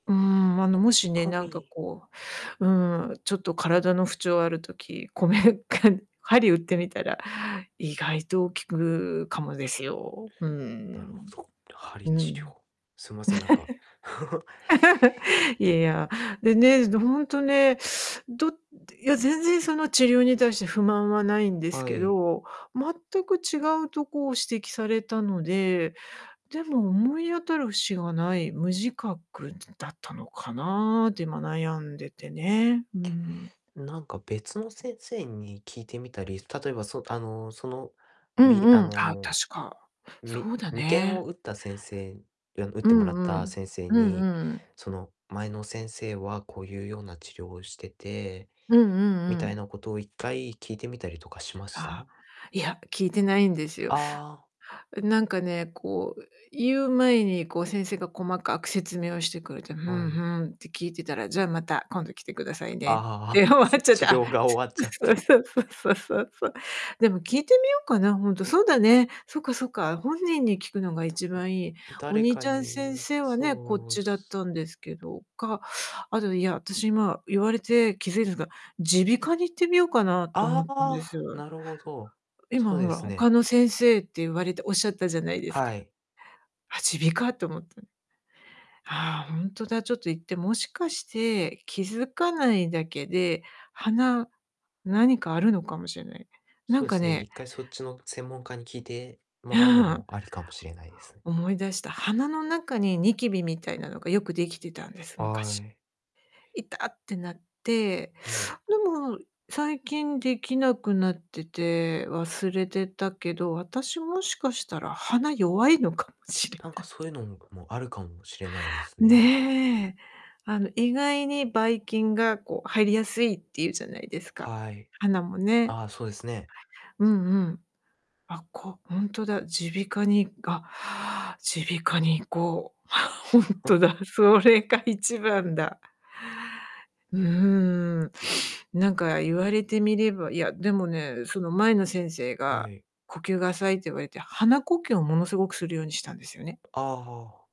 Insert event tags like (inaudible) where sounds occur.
うん、あの、こもしめね、かなんかみ。こう、うん、ちょっと体の不調ある時、こめか針打ってみたら、意外と効くかもですよ。うなるほん。ど。鍼う治療。ん。すいません、なんか。(giggles) (giggles) いや。でね、ずほんとね、どいや全然その治療に対して不満はないんですはけい。ど、全く違うとこを指摘されたので、でも思い当たる節がない、無自覚だったのかなって今悩んでてね。うん。なんか別の先生に聞いてみたり、例えば、そあの、その、うんびあうん、あ、の、確か。みそうだ眉間をね。打った先生、や打っうてもらっんうたん、先生うに、んうん。その「前の先生はこういうような治療をしてて」うんうみんうたいん。なことを1回聞いてみたりとかしましああ。た？いや、聞いてないんですよ。ああ。なんかね、こう言う前に、こう先生が細かく説明をしてくれて「ふはんふい。ん」って聞いてたら「じゃあまた今度来てくださいあね」っあああ、て終わつっちゃっ治て、あ、療が終わっちゃっそうて。そうそうそうそうそう。でも聞いてみようかな、ほんと、そうだね、そっかそっか、本人に聞くのがた一ぶん、番いい。お誰兄ちかゃん先に生はね、こっそうちだっすたんですけど、か、あと、いや、私今言われて気づいですが、耳鼻科に行ってみようかなと思あったんです。あ、なるほど、そ今うほでら、すね。他の先生って言われておっしゃったじゃないですはか。い。あ、耳鼻科って思って。ああ、ほんとだ。ちょっと行って、もしかして気づかないだけで、鼻、何かあるのかもしれない。なそんうでかすね、ね。1回そっちの専門家に聞いてもらうのうん。も、ありかもしれないです。思い出した。鼻の中にニキビみたいなのがよくできてたんです、は昔。い。痛ってなって、はい。でも最近できなくなってて、忘れてたけど、私もしかしたら鼻弱いのかもしれなんかない。そういうのも、あるかもしれないですね。ね。あの意外に、ばい菌がこう入りやすいって言うじゃないですか、はい。鼻もね。ああ、そうですね。うんうん。あ、こうほんとだ、耳鼻科にあ、(inhales) 耳鼻科に行こう、あ、ほんとあ。だ、それが一番だ。うーん。なんか言われてみれば、いや、でもね、その前の先生はがい。「呼吸が浅い」って言われて、鼻呼吸をものすごくするようにしたんですよね。ああああ。